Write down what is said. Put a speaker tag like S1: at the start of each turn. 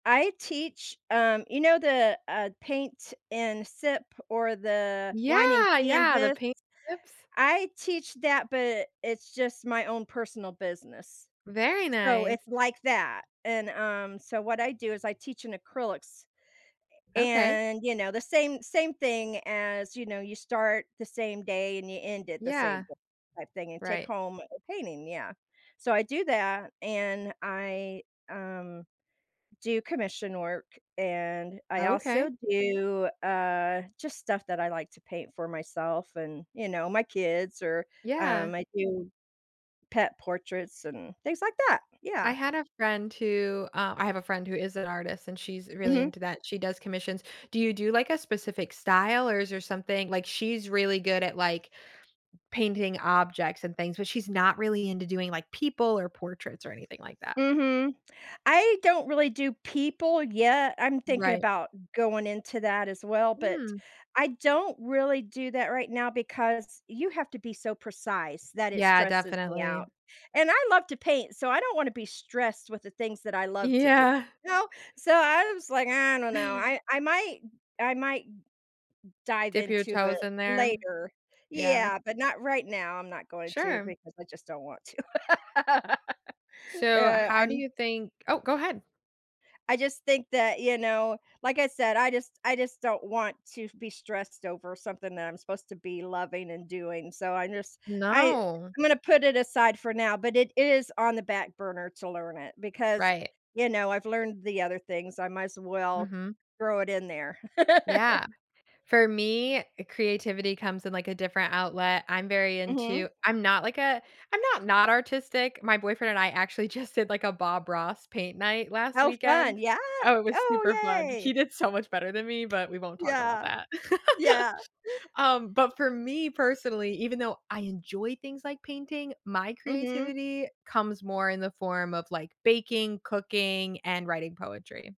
S1: I teach, um, you know, the, uh, paint and sip, or the wine and
S2: Yeah, yeah, the
S1: canvas,
S2: paint tips.
S1: I teach that, but it's just my own personal business,
S2: Very
S1: so
S2: nice.
S1: it's like that, and, um, so, what I do is I teach in acrylics,
S2: Okay.
S1: and you know, the same same thing as, you know, you start the same day, and you end it the same
S2: Yeah,
S1: day type thing, and take
S2: right.
S1: home a painting, yeah. So, I do that, and I, um, do commission work, and I also
S2: Okay.
S1: do, uh, just stuff that I like to paint for myself and, you know, my kids, or,
S2: Yeah.
S1: um, I do pet portraits, and things like that, yeah.
S2: I had a friend who uh, I have a friend who is an artist, and she's really
S1: Mhm.
S2: into that, she does commissions. Do you do like a specific style, or is there something like, she's really good at, like, painting objects and things, but she's not really into doing, like, people, or portraits, or anything like that.
S1: Mhm, I don't really do people yet, I'm thinking
S2: Right.
S1: about going into that as well, but
S2: Mm.
S1: I don't really do that right now because you have to be so precise that it
S2: Yeah,
S1: stresses me
S2: definitely.
S1: out. And I love to paint, so I don't wanna be stressed with the things that I love to do,
S2: Yeah.
S1: you know, so, I was like, "I don't know, I I might I might m m dive
S2: Dip your
S1: into it
S2: toes in there,
S1: later,
S2: yeah.
S1: yeah, but not right now. I'm not going to
S2: Sure.
S1: because I just don't want to," uh,
S2: So, how do
S1: and
S2: you think oh, go ahead.
S1: I just think that you know, like I said, I just I just don't want to be stressed over something that I'm supposed to be loving and doing, so I just I
S2: No.
S1: I'm gonna put it aside for now, but it is on the back burner to learn it because,
S2: Right.
S1: you know, I've learned the other things, I might as well
S2: Mhm.
S1: throw it in there.
S2: Yeah, for me, creativity comes in, like, a different outlet, I'm very
S1: Mhm.
S2: into I'm not like a I'm not not artistic. My boyfriend and I actually just did, like, a Bob Ross paint night last
S1: How fun,
S2: weekend,
S1: yeah.
S2: oh, it was
S1: Oh
S2: super fun. He
S1: yay.
S2: did so much better than me, but we won't talk about
S1: Yeah,
S2: that.
S1: yeah.
S2: Um, but for me personally, even though I enjoy things like painting, my
S1: Mhm.
S2: creativity comes more in the form of like baking, cooking, and writing poetry.